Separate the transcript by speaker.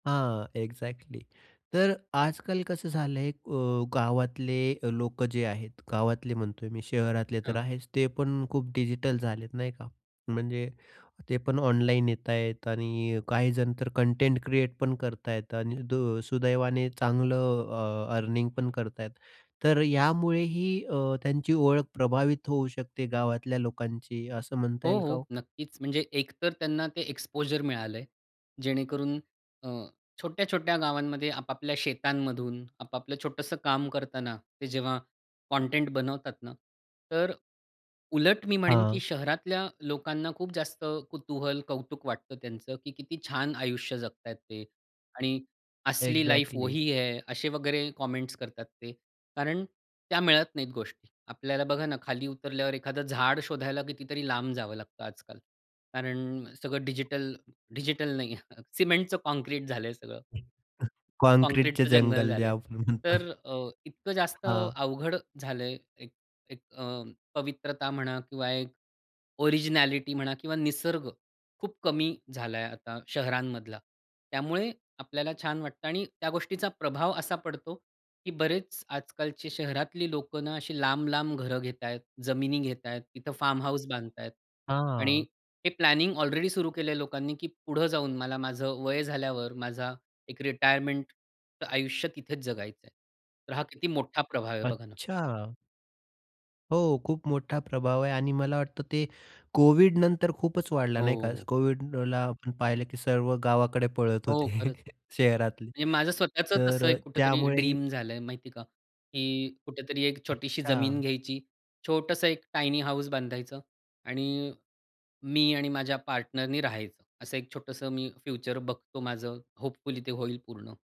Speaker 1: हां. एक्झॅक्टली तर अ, आजकाल कसं झालं आहे एक अ, गावातले लोकं जे आहेत, गावातले म्हणतोय मी. शहरातले तर
Speaker 2: हां.
Speaker 1: आहेच, ते पण खूप डिजिटल झालेत, नाही का, म्हणजे ते पण ऑनलाईन येत आहेत आणि काहीजण तर कंटेंट क्रिएट पण करत आहेत आणि दु सुदैवाने चांगलं अ, अर्निंग पण करता आहेत. तर अ, यामुळेही अ, त्यांची ओळख प्रभावित होऊ शकते गावातल्या लोकांची, असं म्हणता
Speaker 2: हो,
Speaker 1: येईल का
Speaker 2: हो.
Speaker 1: हो?
Speaker 2: नक्कीच. म्हणजे एकतर त्यांना ते एक्सपोजर मिळालं आहे. जेणेकरून अ, छोट्या-छोट्या गावांमध्ये, आपापल्या शेतांमधून, आपापलं छोटसं काम करताना, ते जेव्हा कंटेंट बनवतात ना, तर अ, उलट मी म्हणेन की
Speaker 1: हां.
Speaker 2: शहरातल्या लोकांना खूप जास्त कुतूहल, कौतुक वाटतं त्यांचं, की किती छान आयुष्य जगताहेत ते. आणि असली लाईफ
Speaker 1: एक्झॅक्टली.
Speaker 2: वही है असे वगैरे कमेंट्स करतात ते, कारण त्या मिळत नाहीत गोष्टी. आपल्याला बघा ना, खाली उतरल्यावर एखादं झाड शोधायला कितीतरी लांब जावं लागतं आजकाल. कारण सगळं डिजिटल, डिजिटल नाही, सिमेंटच काँक्रीट झालं आहे सगळं.
Speaker 1: काँक्रीटचे
Speaker 2: काँक्रीटचं जंगल
Speaker 1: जंगल जे
Speaker 2: झालं आहे.
Speaker 1: आपण म्हणतो.
Speaker 2: तर अ, इतकं जास्त
Speaker 1: हां.
Speaker 2: अवघड झालं आहे एक एक अ, पवित्रता म्हणा किंवा एक ओरिजिनॅलिटी म्हणा किंवा निसर्ग. खूप कमी झाला आहे आता शहरांमधला. त्यामुळे आपल्याला छान वाटतं आणि त्या गोष्टीचा प्रभाव असा पडतो, की बरेच आजकालची शहरातली लोकं ना, अशी लांब, लांब घर घेतायेत. जमिनी घेतायत, तिथं फार्म हाउस बांधतायत. आणि
Speaker 1: हां.
Speaker 2: हे प्लॅनिंग ऑलरेडी सुरू केलं आहे लोकांनी, की पुढं जाऊन मला माझं वय झाल्यावर माझा एक रिटायरमेंटचं आयुष्य तिथेच जगायचं आहे. तर हा किती मोठा प्रभाव आहे? बघा ना.
Speaker 1: अच्छा! हो, खूप मोठा प्रभाव आहे. आणि मला वाटतं ते कोव्हिड नंतर खूपच वाढला, नाही का.
Speaker 2: हो.
Speaker 1: कोव्हिडला आपण पाहिलं, की सर्व गावाकडे पळत
Speaker 2: हो,
Speaker 1: होते
Speaker 2: खरंच.
Speaker 1: शहरातले.
Speaker 2: म्हणजे माझं स्वतःचं
Speaker 1: तर
Speaker 2: तसं
Speaker 1: अ,
Speaker 2: कुठेतरी
Speaker 1: त्यामुळेही
Speaker 2: ड्रीम झालं आहे माहिती आहे का. की कुठेतरी एक छोटीशी जमीन
Speaker 1: अच्छा.
Speaker 2: घ्यायची. छोटंसं एक टायनी हाऊस बांधायचं आणि मी आणि माझ्या पार्टनरनी राहायचं. असं एक छोटंसं मी फ्युचर बघतो माझं, होपफुली ते होईल पूर्ण.